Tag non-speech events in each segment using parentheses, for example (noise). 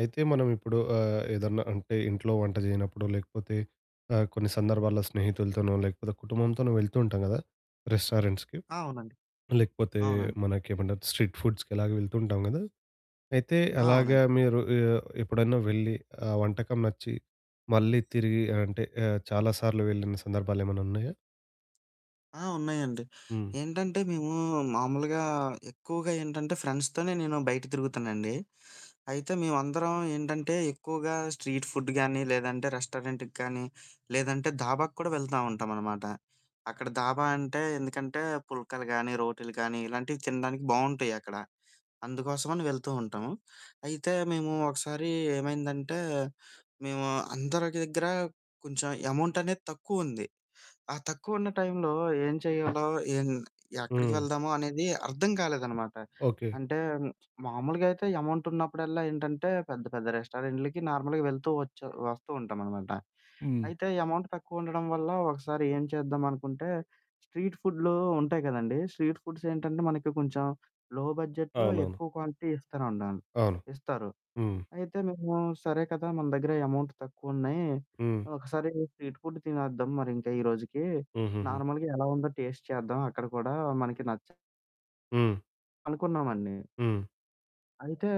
అయితే మనం ఇప్పుడు ఆహ్, ఏదన్నా అంటే ఇంట్లో వంట చేయనప్పుడు, లేకపోతే ఆహ్, కొన్ని సందర్భాల్లో స్నేహితులతోనో, లేకపోతే కుటుంబంతోనో వెళ్తూ ఉంటాం గదా! రెస్టారెంట్స్‌కి. ఆ! అవునండి. లేకపోతే అవునండి. మనకేమంటారు, స్ట్రీట్ ఫుడ్స్‌కి అలాగే వెళ్తూ ఉంటాం కదా! అయితే ఆ! అలాగా అవునండి. మీరు ఆహ్, ఎప్పుడైనా వెళ్ళి ఆ వంటకం నచ్చి, మళ్లీ తిరిగి అంటే ఆహ్, చాలా సార్లు వెళ్లిన సందర్భాలేమైనా ఉన్నాయా? ఆ! ఉన్నాయండి. హ్మ్. ఏంటంటే మేము మామూలుగా ఎక్కువగా ఏంటంటే ఫ్రెండ్స్‌తోనే నేను బయట తిరుగుతానండి. అయితే మేమందరం ఏంటంటే ఎక్కువగా స్ట్రీట్ ఫుడ్ గానీ, లేదంటే రెస్టారెంట్‌కి కానీ, లేదంటే దాబాకు కూడా వెళ్తూ ఉంటాం అనమాట. అక్కడ దాబా అంటే ఎందుకంటే పుల్కలు గానీ, రోటీలు గానీ, ఇలాంటివి తినడానికి బావుంటాయి అక్కడ. అందుకోసమని వెళ్తూ ఉంటాము. అయితే మేము ఒకసారి ఏమైందంటే, మేము అందరి దగ్గర కొంచెం అమౌంట్ అనేది తక్కువ ఉంది. ఆ తక్కువ ఉన్న టైమ్‌లో ఏం చేయాలో, ఎమ్ ఎక్కడికి హ్మ్. వెళ్దాము అనేది అర్థం కాలేదనమాట. ఓకే. అంటే మామూలుగా అయితే అమౌంట్ ఉన్నప్పుడల్లా ఏంటంటే పెద్ద పెద్ద రెస్టారెంట్లకి నార్మల్‌గా వెళ్తూ వచ్చి వస్తూ ఉంటాం అనమాట. హ్మ్. అయితే అమౌంట్ తక్కువ ఉండడం వల్ల ఒకసారి ఏం చేద్దాం అనుకుంటే, స్ట్రీట్ ఫుడ్లు ఉంటాయి కదండీ. స్ట్రీట్ ఫుడ్స్ ఏంటంటే మనకి కొంచెం లో బడ్జెట్‌లో అవునవును. ఎక్కువ క్వాంటిటీ ఇస్తారండన్ అవును. ఇస్తారు. హ్మ్. అయితే మేము, "సరే కదా, మన దగ్గర అమౌంట్ తక్కువున్నాయి. హ్మ్. ఒకసారి స్ట్రీట్ ఫుడ్ తినేద్దాం మరి. ఇంకా ఈరోజుకి హుహుహు. నార్మల్‌గా ఎలా ఉందో టేస్టు చేద్దాం. అక్కడ కూడా మనకి నచ్చ" హ్మ్. అనుకున్నామండి. హ్మ్. అయితే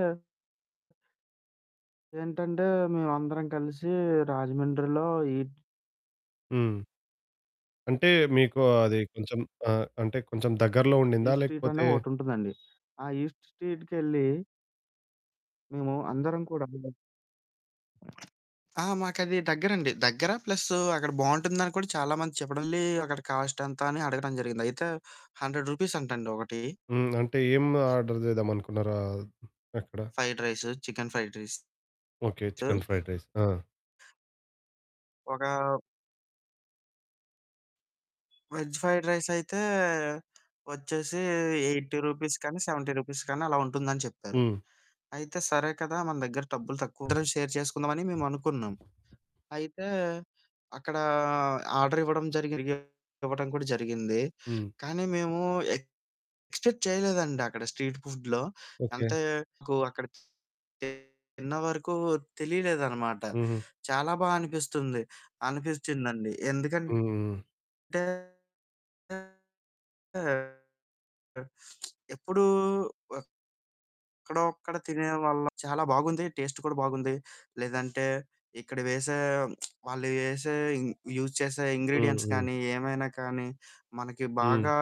ఏంటంటే మేమందరం కలిసి రాజమండ్రిలో ఈట్ హ్మ్. అంటే మీకు అది కొంచెం ఆహ్, అంటే కొంచెం దగ్గరలో ఉండిందా? ఈస్ట్ స్ట్రీట్ అని లేకపోతే ఒకటి ఉంటుందండి. ఆ ఈస్ట్ స్ట్రీట్‌కెళ్ళి మేము అందరం కూడా (unintelligible) ఆ! మాకది దగ్గరండి. హ్మ్. దగ్గర. ప్లస్సు అక్కడ బావుంటుందని కూడా చాలామంది చెప్పడం లే. అక్కడ కాస్ట్ ఎంత అని అడగడం జరిగింది. అయితే రూ. 100 అంటండి ఒకటి. హ్మ్. అంటే ఏం ఆర్డర్ చేద్దామనుకున్నారా అక్కడ? Fried rice, chicken fried rice. Okay. చు చికెన్ ఫ్రైడ్ రైస్. ఆ! ఒక వెజ్ ఫ్రైడ్ రైస్ అయితే వచ్చేసి రూ. 80 రూపీస్ కానీ, రూ. 70 రూపీస్ కానీ, అలా ఉంటుందని చెప్పారు. హ్మ్. అయితే సరే కదా! మన దగ్గర డబ్బులు తక్కువ అందరం షేర్ చేసుకుందాం అని మేమనుకున్నాం. అయితే అక్కడ ఆర్డర్ ఇవ్వడం జరిగింది. (unintelligible) ఇవ్వడం కూడా జరిగింది. హ్మ్. కానీ మేము ఎక్స్పెక్ట్ చేయలేదండి. అక్కడ స్ట్రీట్ ఫుడ్‌లో ఓకే. ఎంతకు అక్కడ తిన్నవరకు తెలియలేదనమాట. హుహు. చాలా బా అనిపిస్తుంది అనిపించ్చిందండి. హ్మ్. ఎందుకంటే హ్మ్. (unintelligible) ఆ! (smacks lips) ఆ! ఎప్పుడూ వా ఎక్కడో అక్కడ తినే వల్ల చాలా బాగుంది. టేస్టు కూడా బాగుంది. లేదంటే ఇక్కడ వేసే (smacks lips) వాళ్లు ఎసే ఇంగ్ యూస్ చేసే హ్మ్. ఇంగ్రిడియెంట్స్ హ్మ్. కానీ, ఏమైనా కానీ, మనకి హ్మ్. బాగా